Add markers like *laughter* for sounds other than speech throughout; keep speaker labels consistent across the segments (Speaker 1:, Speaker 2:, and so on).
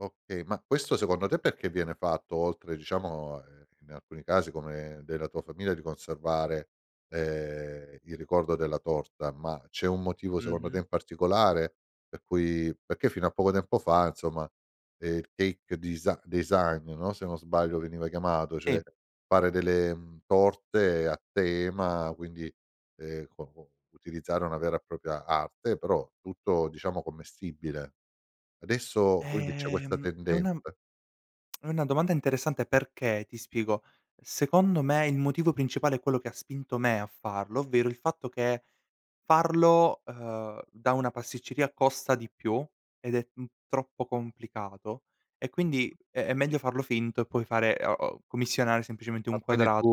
Speaker 1: Okay, ma questo secondo te perché viene fatto oltre, diciamo, ehm, in alcuni casi come della tua famiglia, di conservare, ehm, il ricordo della torta, ma c'è un motivo secondo te
Speaker 2: Mh-mh.
Speaker 1: in particolare per cui perché fino a poco tempo fa, insomma, ehm, il cake desi design, no, se non sbaglio veniva chiamato, cioè,
Speaker 2: Sì.
Speaker 1: fare delle, mhmm, torte a tema, quindi, ehm, co co utilizzare una vera e propria arte, però tutto, diciamo, commestibile. Adesso quindi c'è questa
Speaker 2: Ehm, è una m
Speaker 1: tendenza.
Speaker 2: *smacks lips* è una domanda interessante perché ti spiego, secondo me il motivo principale è quello che ha spinto me a farlo, ovvero il fatto che farlo, uhm, da una pasticceria costa di più ed è, mhmm, troppo complicato, e quindi
Speaker 1: Mh-mh.
Speaker 2: è è meglio farlo finto e poi fare, uh uhm, commissionare semplicemente un
Speaker 1: Ah, quindi
Speaker 2: quadrato.
Speaker 1: tu,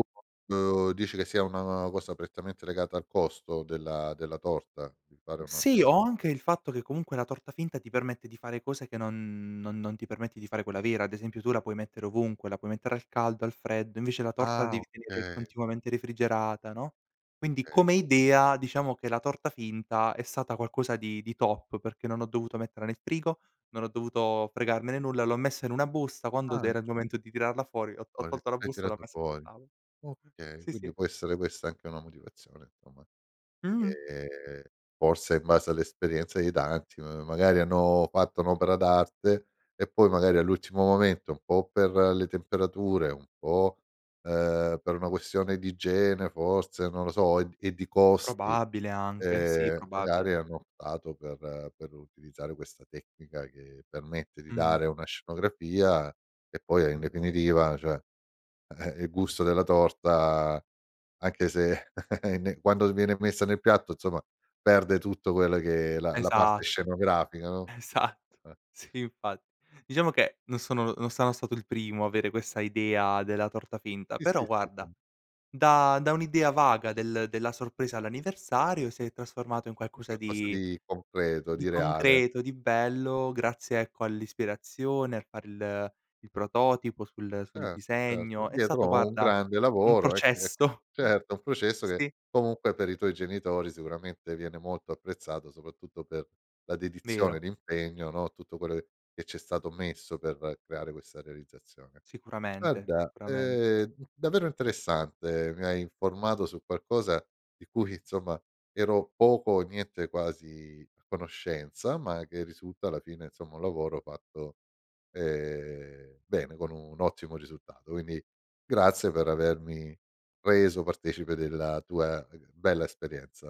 Speaker 1: uhm, dici che sia una cosa prettamente legata al costo della della torta, di fare
Speaker 2: Mh,
Speaker 1: una
Speaker 2: sì,
Speaker 1: tor
Speaker 2: o anche il fatto che comunque la torta finta ti permette di fare cose che non non non ti permette di fare quella vera. Ad esempio tu la puoi mettere ovunque: la puoi mettere al caldo, al freddo, invece la torta la
Speaker 1: Ah,
Speaker 2: devi tenere
Speaker 1: okay.
Speaker 2: continuamente refrigerata, no; quindi
Speaker 1: Okay,
Speaker 2: come
Speaker 1: oka
Speaker 2: idea, diciamo che la torta finta è stata qualcosa di di top, perché non ho dovuto metterla nel frigo, non ho dovuto fregarmene nulla, l'ho messa in una busta, quando d
Speaker 1: Ah.
Speaker 2: era il momento di tirarla fuori ho ho
Speaker 1: Fuori,
Speaker 2: tolto la
Speaker 1: hai
Speaker 2: busta e l'ho
Speaker 1: tirato
Speaker 2: messa sul
Speaker 1: fuori.
Speaker 2: tavolo. Mh,
Speaker 1: Okay,
Speaker 2: sì,
Speaker 1: quindi
Speaker 2: sì.
Speaker 1: può essere questa anche una motivazione, somma.
Speaker 2: Mh-mh.
Speaker 1: Ehm, forse in base all'esperienza di tanti, ma magari hanno fatto un'opera d'arte, e poi magari all'ultimo momento, un po' per le temperature, un po', ehm, per una questione di igiene forse, non lo so, e d e di costi,
Speaker 2: Probabile, anche. Sì,
Speaker 1: ehm, magari
Speaker 2: probabile.
Speaker 1: hanno optato per per utilizzare questa tecnica che permette di
Speaker 2: Mh-mh.
Speaker 1: dare una scenografia e poi, e in definitiva, cioè, eh, il gusto della torta, anche se *chuckles* è ne quando viene messa nel piatto, insomma, perde tutto quello che è la la parte
Speaker 2: Esatto,
Speaker 1: scenografica, no.
Speaker 2: esatto.
Speaker 1: Eh.
Speaker 2: Sì, infa diciamo che non sono non sano stato il primo avere questa idea della torta finta.
Speaker 1: Sì, sì,
Speaker 2: Però
Speaker 1: sì,
Speaker 2: guarda,
Speaker 1: ehm.
Speaker 2: da da un'idea vaga del della sorpresa all'anniversario si è
Speaker 1: *unintelligible*
Speaker 2: trasformato in
Speaker 1: Un
Speaker 2: qualcosa
Speaker 1: qualcosa
Speaker 2: di
Speaker 1: di concreto,
Speaker 2: di
Speaker 1: di reale.
Speaker 2: concreto, di bello grazie ecco all'ispirazione, al far il il prototipo sul sul
Speaker 1: Ert certo,
Speaker 2: disegno; è
Speaker 1: dietro
Speaker 2: stato
Speaker 1: ho un
Speaker 2: guarda,
Speaker 1: grande
Speaker 2: un
Speaker 1: lavoro, ec ec eh,
Speaker 2: processo.
Speaker 1: certo, un
Speaker 2: S
Speaker 1: processo che
Speaker 2: sì.
Speaker 1: comunque per i tuoi genitori sicuramente viene molto apprezzato, soprattutto per la dedizione,
Speaker 2: Vero.
Speaker 1: l'impegno, no, tutto quello e che c'è stato messo per creare questa realizzazione.
Speaker 2: Sicuramente,
Speaker 1: Guarda,
Speaker 2: sicuramente.
Speaker 1: ehm, d davvero interessante, mi hai informato su qualcosa di cui, insomma, ero poco o niente quasi a conoscenza, ma che risulta alla fine, insomma, un lavoro fatto, ehm, bene con un ottimo risultato. Quindi grazie per avermi reso partecipe della tua *unintelligible* bella esperienza.